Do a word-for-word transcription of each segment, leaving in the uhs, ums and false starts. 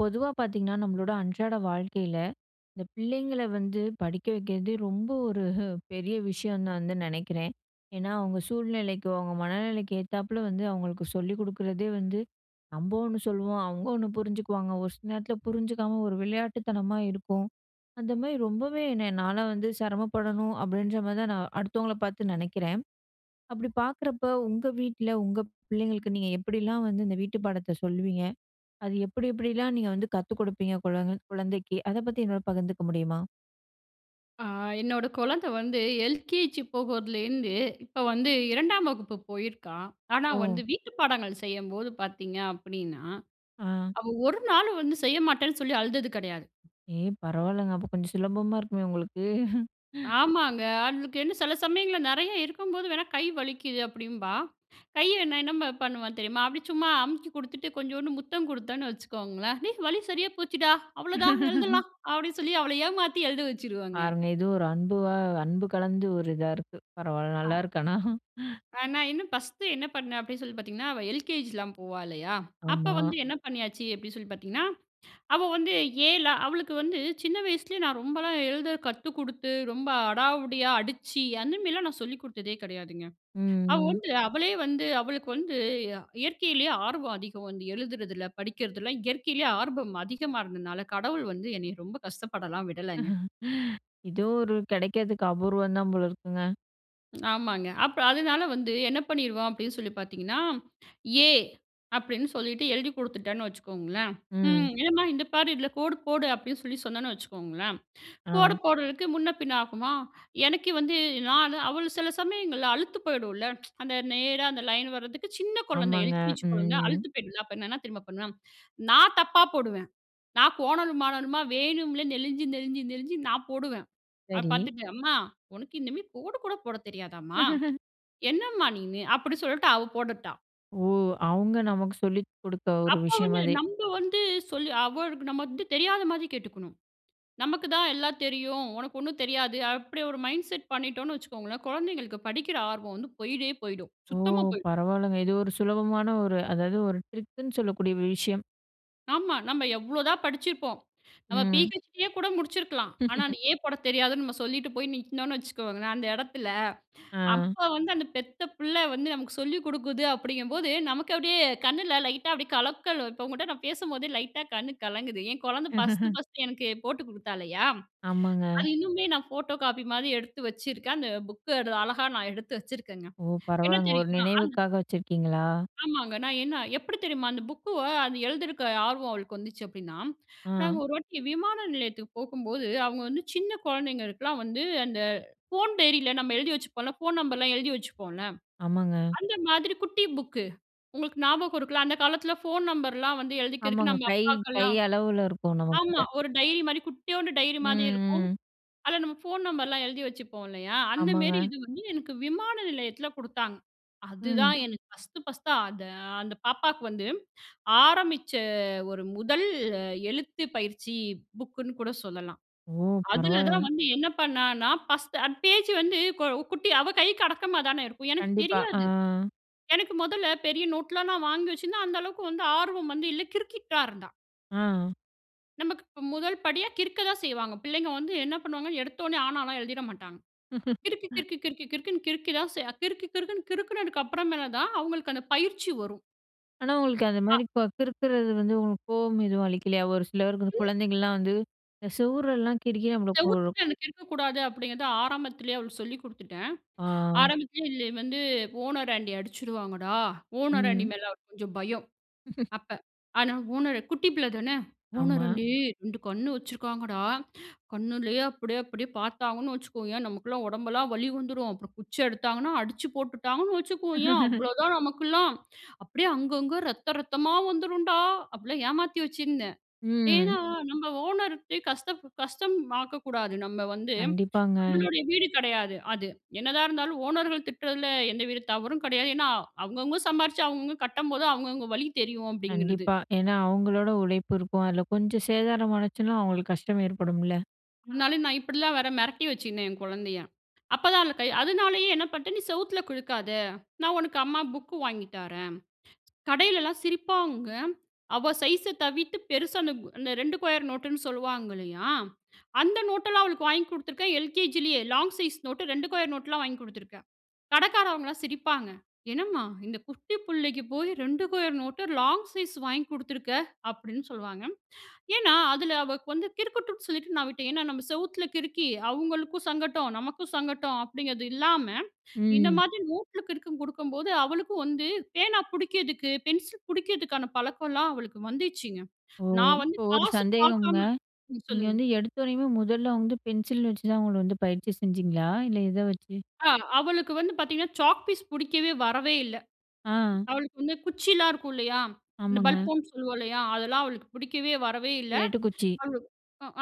பொதுவா பார்த்தீங்கன்னா நம்மளோட அன்றாட வாழ்க்கையில, இந்த பிள்ளைங்கள வந்து படிக்க வைக்கிறதே, ரொம்ப ஒரு பெரிய விஷயம்னு நான் வந்து நெனைக்கிறேன். ஏன்னா, அவங்க சூழ்நிலைக்கு, அவங்க மனநிலைக்கு ஏத்தாப்ல வந்து அவங்களுக்கு சொல்லி குடுக்குறதே வந்து, நம்ப ஒண்ணு சொல்லுவோம் அவங்க ஒண்ணு புரிஞ்சுக்குவாங்க. ஒரு சில நேரத்ல புரிஞ்சுக்காம ஒரு விளையாட்டுத்தனமா இருக்கும். அந்த மாரி ரொம்பவே என்ன நான்லாம் வந்து செரமப்படணும் அப்டின்ற மாதிரி தான் நான் அடுத்தவங்கள பார்த்து நெனைக்கிறேன். அப்டி பார்க்குறப்போ, உங்க வீட்ல உங்க பிள்ளைங்களுக்கு நீங்க எப்டிலாம் வந்து இந்த வீட்டு பாடத்த சொல்லுவீங்க? அது எப்டி, எப்டில்லாம் நீங்க வந்து கத்துக் குடுப்பீங்க குழந் குழந்தைக்கு அத பத்தி என்னோட பகிர்ந்துக்க முடியுமா? ஆ, என்னோட குழந்த வந்து எல்கேஜி போகறதுலருந்து இப்போ வந்து இரண்டாம் வகுப்பு போயிருக்கா. ஆனா ஓ! வந்து வீட்டு பாடங்கள் செய்யம்போது பார்த்தீங்க அப்டின்னா, ஆ. அவ ஒரு நாளும் வந்து செய்யமாட்டேன்னு சொல்லி அழுதது கெடையாது. ஏ! பரவாயில்லங்க அப்போ, கொஞ்சம் சுலபமா இருக்குமே உங்களுக்கு. ஆமாங்க. அவளுக்கு என்ன செல சமயங்கள்ல நெறைய இருக்கும்போது வேணா கை வலிக்குது அப்டின்பா. கை நான் என்ன பண்ணுவன் தெரியுமா? அப்டி சும்மா அமுக்கி கொடுத்துட்டு, கொஞ்சோண்டு முத்தம் கொடுத்தேன்னு வச்சுக்கோங்களேன். "டேய், வலி சரியா போச்சுடா, அவ்ளோதான் எழுதலாம்." அப்டின்னு சொல்லி அவள ஏமாத்தி எழுத வச்சுருவங்க. பாருங்க, ஏதோ ஒரு அன்புவா, அன்பு கலந்து ஒரு இதா இருக்கு. பரவாயில்ல நல்லா அ. இருக்கு ஆனா. அ நான் இன்னும் ஃபர்ஸ்ட்டு என்ன பண்ணேன் அப்டின்னு சொல்லி பார்த்தீங்கன்னா, அவ எல்கேஜிலாம் போவா இல்லையா? அப்ப ஆமா. வந்து என்ன பண்ணியாச்சு அப்டி சொல்லி பார்த்தீங்கன்னா, அவ வந்து ஏல அவளுக்கு வந்து சின்ன வயசுலயே நான் ரொம்பலாம் எழுத கத்து குடுத்து ரொம்ப அடாவடியா அடிச்சு, அந்த மாதிரிலாம் நான் சொல்லிக் குடுத்ததே கெடையாதுங்க. ம், அவ ம். வந்து அவளே வந்து, அவளுக்கு வந்து இயற்கையிலயே ஆர்வம் அதிகம். வந்து எழுதுறதுல, படிக்கிறதுல இயற்கையிலயே ஆர்வம் அதிகமா இருந்ததுனால கடவுள் வந்து என்னை ரொம்ப கஷ்டப்படலாம் விடலைங்க. இதுவும் ஒரு கிடைக்கிறதுக்கு அபூர்வம் தான் போல இருக்குங்க. ஆமாங்க அப்ப அதனால வந்து என்ன பண்ணிருவோம் அப்டின்னு சொல்லி பார்த்தீங்கன்னா? ஏ அப்டின்னு சொல்லிட்டு எழுதிக் கொடுத்துட்டேன்னு வச்சுக்கோங்களேன், ம் ம். என்னம்மா இந்த பாரு, இதில கோடு போடு அப்டின்னு சொல்லி சொன்னேன்னு வச்சுக்கோங்களேன், கோடு ஆ. போடுறதுக்கு முன்ன பின்ன ஆகுமா? எனக்கு வந்து நான் அவள் சில சமயங்கள்ல அழுத்து போயிடும்ல, அந்த நேரா அந்த லைன் வரதுக்கு. சின்ன குழந்தை ஆமாங்க. எல்-கே-ஜி குழந்தை ம். அழுத்து போயிடும்ல அப்ப என்ன தெரியுமா பண்ணுவேன்? நான் தப்பா போடுவேன், நான் கோணலுமானலுமா வேணும்ல நெளிஞ்சு, நெளிஞ்சு, நெளிஞ்சி நான் போடுவேன். அத சரி. பார்த்துட்டு அம்மா உனக்கு இனுமே கோடு கூட போடத் தெரியாதாம்மா? என்னம்மா நீன்னு? அப்படி சொல்லிட்டு அவ போடட்டா. ஓ! அவுங்க நமக்கு சொல்லி கொடுக்க ஒரு அப்ப விஷயம் வந்து அதே நம்ம வந்து சொல் அவளுக்கு நம்ம வந்து தெரியாத மாதிரி கேட்டுக்கணும். "நமக்கு தான் எல்லா தெரியும், ஒனக்கு ஒண்ணும் தெரியாது". அப்படி ஒரு மைண்ட் செட் பண்ணிட்டோன்னு வச்சுக்கோங்கலே, குழந்தைகளுக்கு படிக்கிற ஆர்வம் வந்து போய்வே போய்டும். ஓ! சுத்தமா போய்டும். பரவாயில்லங்க. இது ஒரு சுலபமான ஒரு அதாவது, ஒரு ட்ரிக்குன்னு சொல்லக்கூடிய விஷயம். ஆமா, "நம்ம எவ்வளோதான் படிச்சிருப்போம், நம்ம ம். பி-ஹெச்-டி யே கூட முடிச்சுருக்கலாம்". ஆனா அந்த ஏ போடத் தெரியாதுன்னு நம்ம சொல்லிட்டு போய் நிக்கனோம்னு வச்சுக்கோங்களேன் அந்த இடத்துல, ஆ. அப்ப வந்து அந்த பெத்த பிள்ள வந்து நமக்கு சொல்லி குடுக்குது அப்படிங்கும்போது நமக்கு அப்படியே கண்ணுல லைட்டா அப்படியே கலக்கல் இப்போ உங்ககிட்ட நான் பேசும்போதே லைட்டா கண் கலங்குது. என் குழந்தை ஃபஸ்த்து ஃபர்ஸ்த்து எனக்கு போட்டு கொடுத்தா இல்லையா? ஆமாங்க. அது இன்னுமே நான் ஃபோட்டோ காப்பி மாதிரி எடுத்து வச்சிருக்கேன், அந்த புக்க அழகா நான் எடுத்து வச்சுருக்கேங்க. ஓ! என்ன பரவாயில்லைங்க. ஒரு தெரியுமா? அந்த நினைவுக்காக வச்சிருக்கீங்களா? ஆமாங்க. நான் என்ன எப்படி தெரியுமா? அந்த புக்குவ அது எழுதியிருக்க ஆர்வம் அவளுக்கு வந்துச்சு அப்டின்னா, நாங்க ஆ. ஒரு வாட்டி விமான நிலையத்துக்கு போகும்போது, அவுங்க வந்து சின்ன குழந்தைங்களுக்கெல்லா வந்து அந்த ஃபோன் டைரியில நம்ம எழுதி வச்சுப்போம்ல, ஃபோன் நம்பர்லா எழுதி வச்சுப்போம்ல, ஆமாங்க. அந்த மாதிரி குட்டி புக்கு உங்களுக்கு ஞாபகம் இருக்குல்ல அந்த காலத்துல ஃபோன் நம்பர்லா வந்து எழுதிக்கிறதுக்கு ஆமாங்க. நம்ம கை, கை அப்பாக்கெல்லா அளவுல இருக்கும் நம்ம ஆமா கிட்ட. ஒரு டைரி மாரி குட்டியோண்டு டைரி மாதிரி இருக்கும். ம். ம். அதுல நம்ம ஃபோன் நம்பர்லாம் எழுதி வச்சுப்போ இல்லையா? அந்தமேரி ஆமாங்க. இது வந்து எனக்கு விமான நிலையத்துல கொடுத்தாங்க. ம். அதுதான் எனக்கு ஃபர்ஸ்த்து, ஃபஸ்த்தா அதை அந்த பாப்பாவுக்கு வந்து, ஆரம்பிச்ச ஒரு முதல் எழுத்து பயிற்சி புக்குன்னு கூட சொல்லலாம். ஓ! அதுல பரவாயில்லை. தான் வந்து என்ன பண்ணான்னா, ஃபஸ்த்து அந்த பேஜ் வந்து குட்டி அவள் கைக்கு அடக்கமா தானே இருக்கும் எனக்கு கண்டிப்பா. ஆ. தெரியாது. எனக்கு முதல்ல பெரிய நோட்லா நான் வாங்கி வச்சுருந்தா, அந்த அளவுக்கு வந்து ஆர்வம் வந்து இல்ல கிறுக்கிட்டு தா இருந்தா. ஆ. நமக்கு ம் முதல் படியா கிறுக்க தான் செய்வாங்க. பிள்ளைங்க வந்து என்ன பண்ணுவாங்க? எடுத்தொன்னே, ஆனால்லாம் எழுதிற மாட்டாங்க. கிறுக்கு, கிறுக்கு, கிறுக்கு, கிறுக்குன்னு கிறுக்கி தான் ச கிறுக்கு கிறுக்குன்னு கிறுக்குனதுக்கு அப்புறமேல தான் அவுங்களுக்கு அந்த பயிற்சி வரும். ஆனா, உங்களுக்கு அந்த ஆ. மாரி இப்போ கிறுக்குறது வந்து உங்களுக்கு கோவம் எதும் அளிக்கலையா? ஒரு சில பேருக்கு வந்து இல் குழந்தைங்கள்லாம் வந்து, இந்த செவுரெல்லாம் கிறுக்கி நம்மள ஒரு செவுத்துட்ட இருந்து கிறுக்கக்கூடாது அப்டீங்கிறத, ஆரம்பத்திலயே அவளுக்கு சொல்லிக் குடுத்துட்டேன். ஆ. ஆரம்பத்திலயே இது வந்து, "ஓனர் ஆண்டி அடிச்சுடுவாங்கடா". ஓனராண்டி ம். மேல கொஞ்சம் பயம் அப்ப. ஆனா ஓனரு குட்டி பிள்ள தானே. ஆமா. "ஓனராண்டி ரெண்டு கண்ணு வச்சுருக்காங்கடா. கண்ணுலயே அப்டீயே அப்டீயே பாத்தாங்கன்னு வச்சுக்கோயென், நமகெல்லாம் ஒடம்பெல்லாம் வலி வந்துரும். அப்புறம் குச்சி எடுத்தாங்கன்னா, அடிச்சு போட்டுட்டாங்கன்னு வச்சுக்கோயென், அவ்வளோதான் நமக்கெல்லாம் அப்டீயே அங்கங்க ரத்தம் ரத்தமா வந்துரும் டா" அப்டீலாம் ஏமாத்தி வச்சிருந்தேன். ஏன்னா, ம். நம்ம ஓனர்ட்ட கஷ்டம் கஷ்டம் ஆக்கக்கூடாது. நம்ம வந்து, கண்டிப்பாங்க. நம்மளுடைய வீடு கெடையாது. அது என்னதான் இருந்தாலும் ஓனர்கள் திட்டுறதில எந்த வித தவறும் கெடையாது. ஏன்னா, அவங்கவங்க சம்பாரிச்சு அவங்கவங்க கட்டும்போது அவங்கவங்க வலி தெரியும் அப்டீங்கிறது. கண்டிப்பா. ஏன்னா, அவங்களோட உழைப்பு இருக்கும். அதில் கொஞ்சம் சேதாரமானுச்சுனா, அவங்களுக்கு கஷ்டம் ஏற்படும்ல. முன்னால நா இப்படிலாம் வேற மெரட்டி வச்சிருந்தேன், என் கொழந்தைய. அப்பதான் அதுல கை அதுனாலேயே என்ன பண்ணிட்டேன், "நீ செவுத்துல கிலுக்காத, நா உனக்கு அம்மா புக்கு வாங்கி தாரேன்." கடையிலல்லாம் சிரிப்பாங்க. அவ சைஷு தவிர்த்து பெருசா அந்த அந்த ரெண்டு கொயர் நோட்டுன்னு சொல்லுவாங்க இல்லையா? அந்த நோட்டெல்லாம் அவளுக்கு வாங்கி குடுத்துருக்கேன், எல்கேஜிலேயே. லாங் சைஸ் நோட்டு, ரெண்டு கோயர் நோட்லாம் வாங்கி குடுத்துருக்கேன். கடக்காரவங்கலாம் சிரிப்பாங்க. "என்னம்மா? இந்த குட்டி புள்ளைக்கு போய் ரெண்டு கொயர் நோட்டு, லாங் சைஸ் வாங்கி குடுத்துருக்க." அப்படீன்னு சொல்வாங்க. ஏன்னா, அதுல அவ வந்து கிறுக்கட்டும்னு சொல்லிட்டு நா விட்டேன். ஏன்னா, "நாம செவுத்துல கிறுக்கி அவுங்களுக்கும் சங்கட்டம், நமக்கும் சங்கட்டம்." அப்படீங்குறது இல்லாம, இந்த ம். மாதிரி நோட்டுல கிறுக்கங் குடுக்கும்போது, அவளுக்கும் வந்து பேனா புடிக்கதுக்கு, பென்சில் புடிக்கதுக்கான பழக்கலாம் அவளுக்கு வந்திச்சுங்க. ஓ! நான் வந்து இப்ப ஒரு காசு சந்தேகம்ங்க. பாக்காம ம் நீங்க சொல்லுங்க. வந்து எடுத்தொனையுமே முதல்ல வந்து பென்சில் வச்சு தான் அவுங்கள வந்து பயிற்சி செஞ்சீங்களா? இல்ல, எத வச்சு? ஆ, அவளுக்கு வந்து பாத்தீங்கணா, சாக் பீஸ் புடிக்கவே வரவே இல்ல. ஆ. அவளுக்கு வந்து குச்சில்லாம் இருக்கும் இல்லையா? இந்த ஆமாங்க. பல்போம்ன்னு சொல்லுவோம் இல்லையா? அதெல்லாம் அவளுக்கு புடிக்கவே வரவே இல்ல. ஸ்லேட்டுக் குச்சி. அவளுக்கு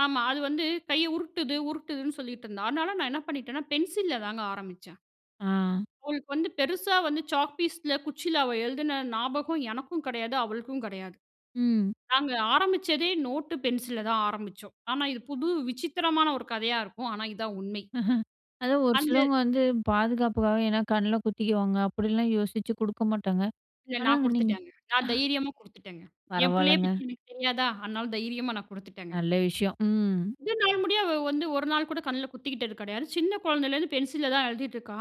ஆமா. அது வந்து கைய உருட்டுது உருட்டுதுன்னு சொல்லிட்டுருந்தா. அதுனால நா என்ன பண்ணிட்டேன்னா, பென்சில்ல தாங்க ஆரம்பிச்சேன். ஆ. அவளுக்கு வந்து பெருசா வந்து சாக் பீஸ்‌ல, குச்சீல அவ எழுதுன ஞாபகம் எனக்கும் கெடையாது, அவளுக்கும் கெடையாது. ம். நாங்க ஆரம்பிச்சதே நோட்டு, பென்சில்‌லதான் ஆரம்பிச்சோம். ஆனா, இது புது விசித்திரமான ஒரு கதையா இருக்கும். ஆனா, இதான் உண்மை. அதான் ஒரு அஞ்சு சிலவங்க வந்து பாதுகாப்புக்காக ஏன்னா, கண்ணுல குத்திக்குவாங்க. அப்புடிலாம் யோசிச்சு குடுக்க மாட்டாங்க. இல்ல, நா ஆனாங்க நீங்க குடுத்துட்டேங்க. நா ஹ. தைரியமா குடுத்துட்டேங்க. என் பிள்ளைய பரவாலங்க. பத்தி எனக்கு தெரியாதா? அதுனால தைரியமா நா குடுத்துட்டேங்க. நல்ல விஷயம். ம். இதுநாள் முடிய அவ வந்து ஒரு நாள் கூட கண்ணுல குத்திக்கிட்டது கெடையாது. சின்ன கொழந்தேலேருந்து பென்சில்ல தான் எழுதிட்டுருக்கா.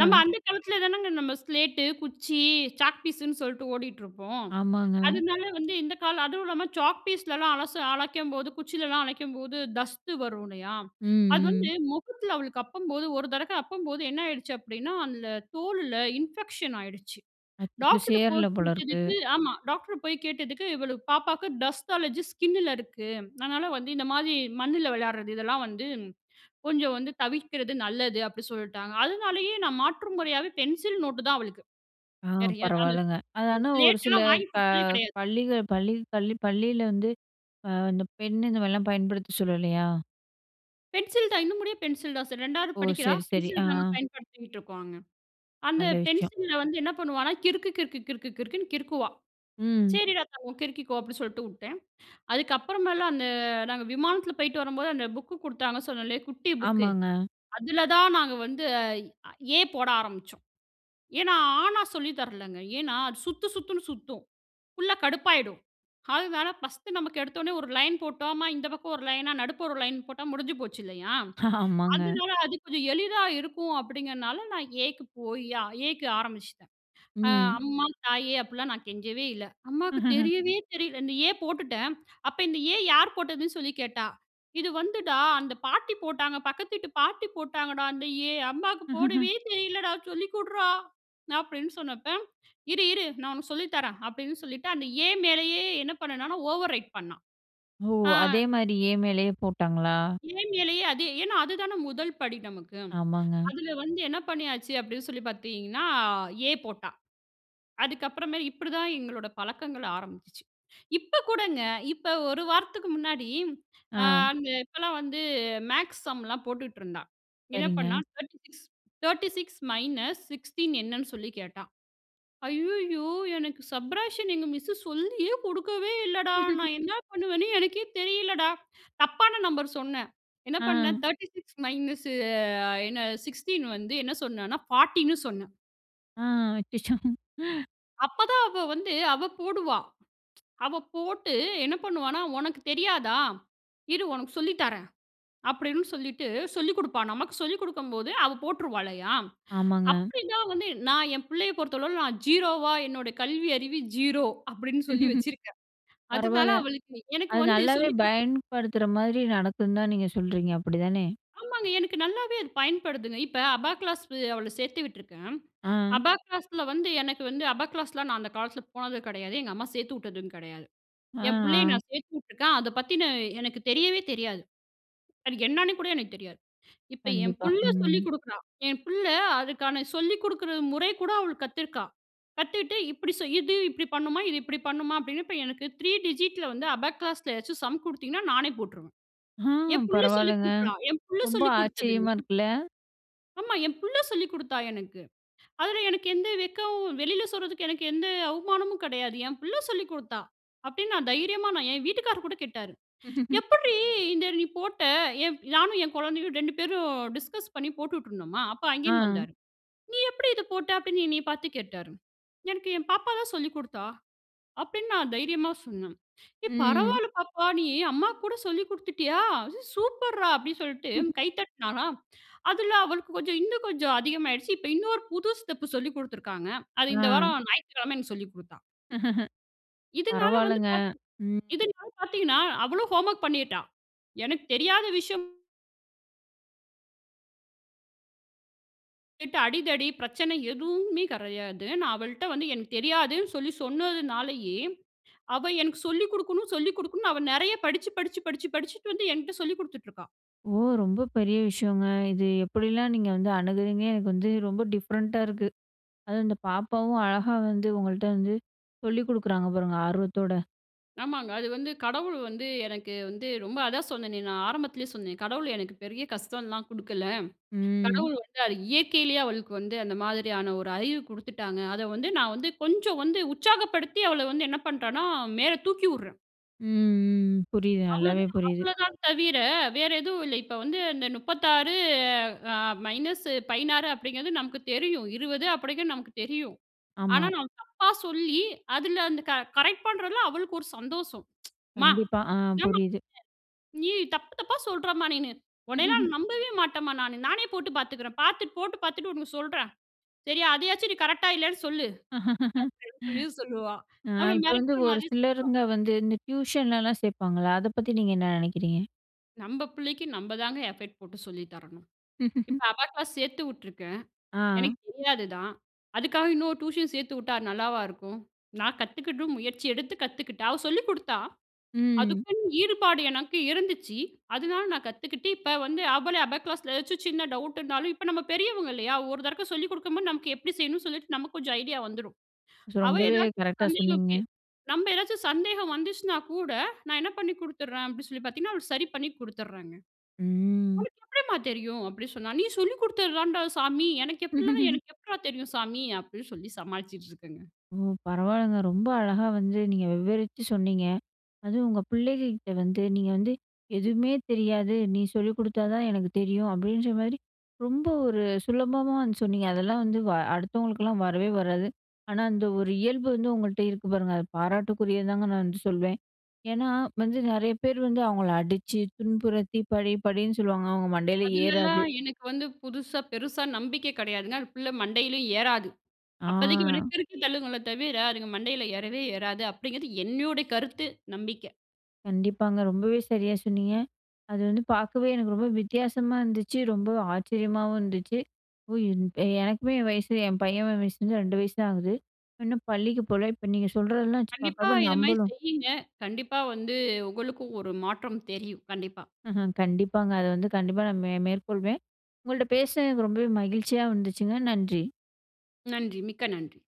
நம்ப அந்த காலத்துல தானங்க நம்ப ஸ்லேட்டு, குச்சி, சாக் பீஸுனு சொல்லிட்டு ஓடிட்டுருப்போம். ஆமாங்க. அதுனால வந்து இந்த காலம் அதுவும் இல்லாம சாக் பீஸ்லாம் அலச அழிக்கும்போது, குச்சிலலாம் அழிக்கும்போது, தஸ்து வரும் இல்லையா? ம். அது வந்து ம். மொகத்துல அவளுக்கு அப்பும்போது ஒரு தரக்க அப்பும்போது என்னாயிடுச்சு அப்படீன்னா, அந்த தோல்ல இன்ஃபெக்ஷன் ஆயிடுச்சு. அச் டாக்டர் கிட்ட போய் சேரல போலருக்கு. கேட்டதுக்கு ஆமா. டாக்டர போய் கேட்டதுக்கு, இவளுக்கு "பாப்பாவுக்கு டஸ்ட் அலர்ஜி ஸ்கின்‌னுல இருக்கு. அதுனால வந்து இந்த மாரி மண்ணுல விளையாடுறது, இதெல்லாம் வந்து கொஞ்சம் வந்து தவிர்க்கிறது நல்லது." அப்படி சொல்ட்டாங்க. அதுனாலேயே நா மாற்று முறையாவே பென்சில், நோட்டு தான் அவளுக்கு. ஆ வேற எத அது பரவால்லங்க. அது இது ஆனா, ஒரு சில ஸ்லேட்டுல்லாம் வாங்கிக் க குடுத்ததே கெடையாது. பள்ளிக பள்ளி கள்ளி பள்ளியில வந்து, அ அந்த பென் இந்த மாதிரிலாம் பயன்படுத்த சொல்லலையா? பென்சில் தான் இன்னும் முடிய பென்சில் தான் சார். ரெண்டாவது ஓ! படிக்கிறா சரி, சரி. ஆ. பென்சில் தாங்க பயன்படுத்திகிட்டுருக்கோம் அங்க. அந்த நல்ல விஷயம். பென்சில்ல வந்து என்ன பண்ணுவான்னா, கிறுக்கு, கிறுக்கு, கிறுக்கு, கிறுக்குனு கிறுக்குவா. ம். சரிடா தங்கோம் கிறுக்கிக்கோ அப்டின்னு சொல்லிட்டுவுட்டேன். அதுக்கப்புறமேலாம் அந்த நாங்கள் விமானத்துல போய்ட்டு வரும்போது அந்த புக்கு கொடுத்தாங்கன்னு சொன்னேன்ல குட்டி புக்கு. ஆமாங்க. அதுல தான் நாங்க வந்து A போட ஆரம்பிச்சோம். ஏன்னா, ஆ ன்னா சொல்லி தரலங்க. ஏன்னா அது சுத்து சுத்துனு சுத்தும். புள்ள கடுப்பாயிடும் அதனால பஸ்ட்டு நமக்கு எடுத்த ஒட்னே ஒரு லைன் போட்டோமா, இந்த பக்கம் ஒரு லைனா நடுப்புற ஒரு லைன் போட்டா முடிஞ்சு போச்சுல்லையா? ஆமாங்க. அதனால அது கொஞ்சம் எளிதா இருக்கும் அப்படிங்கிறனால நான் A க்கு போய் A க்கு ஆரம்பிச்சுட்டேன். ம். அம்மா தாயே அப்டிலாம் நான் கெஞ்சவே இல்ல. அம்மாவுக்கு தெரியவே தெரியல இந்த A போட்டுட்டேன். அப்போ இந்த A யார் போட்டதுன்னு சொல்லி கேட்டா. இது வந்துடா அந்த பாட்டி போட்டாங்க, பக்கத்து வீட்டு பாட்டி போட்டாங்கடா, அந்த A அம்மாவுக்கு போடவே தெரியலடா, சொல்லி குட்றா அப்டின்னு சொன்னப்ப இரு, இரு நான் உனக்கு சொல்லி தரேன் அப்படின்னு சொல்லிட்டு, அந்த A மேலேயே என்ன பண்ணுனான்னா ஓவர் ரைட் பண்ணா. ஓ! ஆ. அதே மாதிரி ஏ மேலேயே போட்டாங்களா? A மேலேயே அதே ஏன்னா அது தானே முதல் படி நமக்கு. ஆமாங்க. அதுல வந்து என்ன பண்ணியாச்சு அப்டி சொல்லி பார்த்தீங்கன்னா, A போட்டா அதுக்கப்புறமா இப்டி தான் எங்களோட பழக்கங்கள் ஆரம்பிச்சுச்சு. இப்போ கூடங்க இப்போ ஒரு வாரத்துக்கு முன்னாடி, அ ஆ. அந்த இப்பலாம் வந்து மேக்ஸ் சம்லாம் போட்டுட்ருந்தா. என்ன பண்ணா சரிங்க. Thirty six thirty six minus sixteen என்னன்னு சொல்லி கேட்டா. ஐய்யயோ எனக்கு சப்ட்றேக்ஷன் எங்க மிஸ் சொல்லியே குடுக்கவே இல்லடா, நான் என்ன பண்ணுவேன்னு எனக்கே தெரியலடா. தப்பான நம்பர் சொன்னேன். என்ன ஆ. பண்ணேன் தேர்ட்டி சிக்ஸ் மைனஸு என்ன சிக்ஸ்டீன் வந்து என்ன சொன்னேன்னா பார்ட்டினு சொன்னேன். ஆ, அச்சச்சோ! அப்ப தான் அவ வந்து, அவ போடுவா. அவ போட்டு என்ன பண்ணுவான்னா, "ஒனக்கு தெரியாதா? இரு ஒனக்கு சொல்லித் தரேன்" அப்டீன்னு சொல்லிட்டு, சொல்லிக் குடுப்பா. நமக்கு சொல்லிக் குடுக்கும்போது, அவ போட்டுருவாளையா? ஆமாங்க. அப்டி தான் வந்து நான் என் புள்ளைய பொறுத்தளவுல நான் ஜீரோவா "என்னோட கல்வி அறிவு ஜீரோ" அப்டீன்னு சொல்லி வச்சுருக்கேன். அதனால, பரவால்ல. அவளுக்கு எனக்கு அது வந்து நல்லாவே சொல்லிக் குடு பயன்படுத்துற மாரி நடக்குன்னு தான் நீங்க சொல்கிறீங்க. அப்புடிதானே? ஆமாங்க. எனக்கு நல்லாவே அது பயன்படுதுங்க. இப்ப, அபாக்ளாஸ் அவள சேத்து விட்டுருக்கேன். அ. அபாக்ளாஸ்ல வந்து எனக்கு வந்து அபாக்ளாஸ்லாம் நான் அந்த காலத்துல போனதும கெடயாது. எங்க அம்மா சேத்து உட்டதும் கெடையாது. அ, என் புள்ளைய ஆ. நான் சேத்து உட்டுருக்கேன். அதை பத்தின, எனக்கு தெரியவே தெரியாது. அது என்னான்னு கூட எனக்கு தெரியாது. இப்ப என் கண்டிப்பா. புள்ள சொல்லி ம். குடுக்குறா. என் புள்ள அதுக்கான சொல்லி குடுக்குற முறை கூட அவ கத்துருக்கா. கத்துட்டு, "இப்டி செய் இது இப்டி பண்ணுமா. இது இப்டி பண்ணுமா" அப்டீன்னு இப்ப எனக்கு த்ரீ டிஜிட்‌ல வந்து அபாக்ளாஸ்ல ஏதாவது சம் குடுத்தீங்கன்னா, நானே போட்ருவேன். ஹ்ம். என் புள்ள சொல்லி பரவாயில்லங்க. குடுக்குறா. என் புள்ள ரொம்ப சொல்லி குடுத்ததுங்க. ஆச்சரியமா இருக்குல்ல! ஆமா. என் புள்ள சொல்லிக் குடுத்தா எனக்கு. அதுல, எனக்கு எந்த வெட்கவும் வெளியில சொல்றதுக்கு எனக்கு எந்த அவமானமும் கெடையாது. என் புள்ள சொல்லிக் குடுத்தா அப்டீன்னு, நான் தைரியமா நான் என் வீட்டுக்காரர் கூட கேட்டாரு. "எப்புட்ரீ, இத நீ போட்ட?" எப் நானும் என் கொழந்தையும் ரெண்டு பேரும் டிஸ்கஸ் பண்ணி போட்டுட்டு இருந்தோமா, அப்ப அங்கேந்து அ. வந்தாரு. "நீ எப்புடி இத போட்ட" அப்டீன்னு என்ன பாத்து கேட்டாரு. "எனக்கு என் பாப்பா தான் சொல்லிக் குடுத்தா" அப்டீன்னு நான் தைரியமா சொன்னேன். "ஏய், ம். பரவால்ல பாப்பா, நீ அம்மாக்கு கூட சொல்லி குடுத்துட்டியா? சூப்பர் ரா!" அப்படீன்னு சொல்ட்டு கை தட்டினாரா. அதில அவளுக்கு கொஞ்சம் இன்னும் கொஞ்சம் அதிகமாயிடுச்சு. இப்போ, இன்னொரு புது ஸ்டெப்பு சொல்லிக் குடுத்திருக்காங்க. அது இந்த அ. வாரம் ஞாயித்துக்கெழம எனக்கு சொல்லிக் குடுத்தா. இதனால வந்து பரவாயில்லங்க. பாத்த், ம். இதனால பாத்தீங்கன்னா, அவளும் ஹோம் வொர்க் பண்ணிட்டா. எனக்கு தெரியாத விஷயம். அடிதடி பிரச்சனை எதுவுமே கிடையாது. நான் அவள்ட்ட வந்து எனக்கு தெரியாதுனு சொல்லி சொன்னதுனாலேயே, அவ எனக்கு சொல்லி குடுக்கணும், சொல்லி குடுக்கணும். அவ நெறைய படிச்சி படிச்சி படிச்சி படிச்சிட்டு வந்து என்ட்ட சொல்லிக் குடுத்துட்டு இருக்கா. ஓ! ரொம்ப பெரிய விஷயங்க. இது எப்படிலாம் நீங்க வந்து அணுகுகிறீங்க. எனக்கு வந்து ரொம்ப டிஃப்ரெண்ட்டா இருக்கு. அதுவும் இந்த பாப்பாவும் அழகா வந்து உங்கள்கிட்ட வந்து சொல்லிக் குடுக்குறாங்க பாருங்க ஆர்வத்தோட. ஆமாங்க. அது வந்து கடவுள் வந்து, எனக்கு வந்து ரொம்ப அதான் சொன்னேனே, நான் ஆரம்பத்துலயே சொன்னேன். கடவுள் எனக்கு பெரிய கஷ்டம்லாம் குடுக்கல்ல. ம். கடவுள் வந்து அது இயற்கையிலேயே அவளுக்கு வந்து அந்த மாதிரியான ஒரு அறிவு குடுத்துவிட்டாங்க. அத வந்து நான் வந்து கொஞ்சம் வந்து உற்சாகப்படுத்தி அவள வந்து என்ன பண்ணுறனா மேல தூக்கி விடுறேன். ம். ம். புரியுது அவ்ளோ நல்லாவே, தான் புரியுது. அவ்வளவுதான் தவிர வேற எதுவும் இல்ல. இப்போ வந்து இந்த முப்பத்தி ஆறு மைனஸ் பதினாறு அப்டீங்குறது நமக்கு தெரியும். இருபது அப்டீங்குறது நமக்கு தெரியும். ஆனா, ஆமா. நான் தப்பா சொல்லி அதுல அந்த கரெக்ட் பண்ணுறதுல அவளுக்கு ஒரு சந்தோஷம். அம்மா கண்டிப்பா ஆ என்ன மா புரியுது. நீ? தப்பு தப்பா சொல்லுற மா நீனு. உன்னையெல்லாம் நம்பவே மாட்டேன் மா நானு. நானே போட்டு பாத்துக்குறேன். பாத்துட்டு போட்டு பாத்துட்டு உனக்கு சொல்லுறேன் சரியா. அதையாவது நீ கரெக்டா இல்லயானு சொல்லு, அப்டீன்னு சொல்லி சொல்லுவா. அ நம்பள இப்ப வந்து மிரட்டுற ஒரு மாதிரி சொல்லுவா. சிலருங்க வந்து இந்த டியூஷன்லலாம் சேர்ப்பாங்கல்ல, அத பத்தி நீங்க என்ன நினைக்கிறீங்க நம்ப பிள்ளைக்கு நம்ப தாங்க எஃபெக்ட் போட்டு சொல்லி தரணும். இப்போ அபாகிளாஸ் சேர்த்து விட்ருக்கேன். ஆ. எனக்கு தெரியாது தான். அதுக்காக இன்னொரு டியூஷன் சேர்த்து விட்டா நல்லாவா இருக்கும்? நான் கத்துகிட்டு முயற்சி எடுத்து கத்துக்கிட்டேன். அவ சொல்லிக் கொடுத்தா. ம். அதுக்குன்னு ஈடுபாடு எனக்கு இருந்துச்சு. அதனால நான் கத்துக்கிட்டு, இப்போ வந்து அவளே அபா கிளாஸில ஏதாச்சும் சின்ன டவுட் இருந்தாலும், இப்போ நம்ம பெரியவங்க இல்லையா? ஒரு தடக்க சொல்லிக் கொடுக்கும்போது, நமக்கு எப்டி செய்யணும்னு சொல்லிட்டு நமக்கு கொஞ்சம் ஐடியா வந்துடும். ஸோ அவ ரொம்பவே ஏதாவது கரெக்ட்டா சந்தேகம் சொன்னீங்க. நம்ம ஏதாச்சும் சந்தேகம் வந்துச்சுனா கூட, நான் என்ன பண்ணி கொடுத்துறேன் அப்டினு சொல்லி பார்த்தீங்கன்னா, அவளுக்கு சரி பண்ணி கொடுத்துறேங்க. ம். உனக்கு எப்டிம்மா தெரியும்? அப்டி சொன்னாள். நீ சொல்லி கொடுத்ததுதாண்டா சாமி, எனக்கு எப்டி? எனக்கு எப்பட்றா தெரியும்? சாமி அப்படினுசொல்லி சமாளிச்சுட்டுருக்கேங்க. ஓ! பரவாயில்லங்க ரொம்ப அழகா வந்து நீங்க விவரிச்சு சொன்னிங்க. அதுவும் உங்க பிள்ளைங்க கிட்ட வந்து நீங்க வந்து எதுவுமே தெரியாது. நீ சொல்லிக் கொடுத்தா தான் எனக்கு தெரியும். அப்படின்ற மாதிரி ரொம்ப ஒரு சுலபமா வந்து சொன்னீங்க. அதெல்லாம் வந்து அடுத்தவங்களுக்கலாம் வரவே வராது. ஆனா அந்த ஒரு இயல்பு வந்து உங்கள்கிட்ட இருக்கு பாருங்க அத பாராட்டுக்குரியதுதாங்க நான் வந்து சொல்வேன். ஏன்னா வந்து நெறைய பேர் வந்து அவங்கள அடிச்சு, துன்புறுத்தி, படி படின்னு சொல்லுவாங்க. அவங்க மண்டையில ஏறாது. அதுலலாம் எனக்கு வந்து புதுசா பெருசா நம்பிக்கை கெடையாதுங்க. அந்த பிள்ளை மண்டையிலேயும் ஏறாது. ஆ. அப்போதைக்கு உனக்கு இருக்கறதள்ளுங்கலே தவிர அதுங்க மண்டையில ஏறவே ஏறாது அப்படிங்கிறது என்னுடைய கருத்து, நம்பிக்க. கண்டிப்பாங்க. ரொம்பவே சரியாக சொன்னீங்க. அது வந்து பார்க்கவே எனக்கு ரொம்ப வித்தியாசமா இருந்துச்சு. ரொம்ப ஆச்சரியமாவும் இருந்துச்சு. ஒ யு எனக்குமே என் வயசு என் பையன் வயசுல வந்து ரெண்டு வயசு தான் ஆகுது. இன்னும் பள்ளிக்கு போகல. இப்போ நீங்க சொல்றதெல்லாம் வச்சு கண்டிப்பா பார்க்குறப்போ இது மாதிரி நம்பளும். செய்யுங்க. கண்டிப்பா வந்து உங்களுக்கும் ஒரு மாற்றம் தெரியும் கண்டிப்பா. கண்டிப்பாங்க. அத வந்து கண்டிப்பா நான் மே மேற்கொள்வேன்.உங்கள்ட்ட பேசுனதுக்கு ரொம்பவே மகிழ்ச்சியாக இருந்துச்சுங்க. நன்றி. நன்றி மிக்க நன்றி.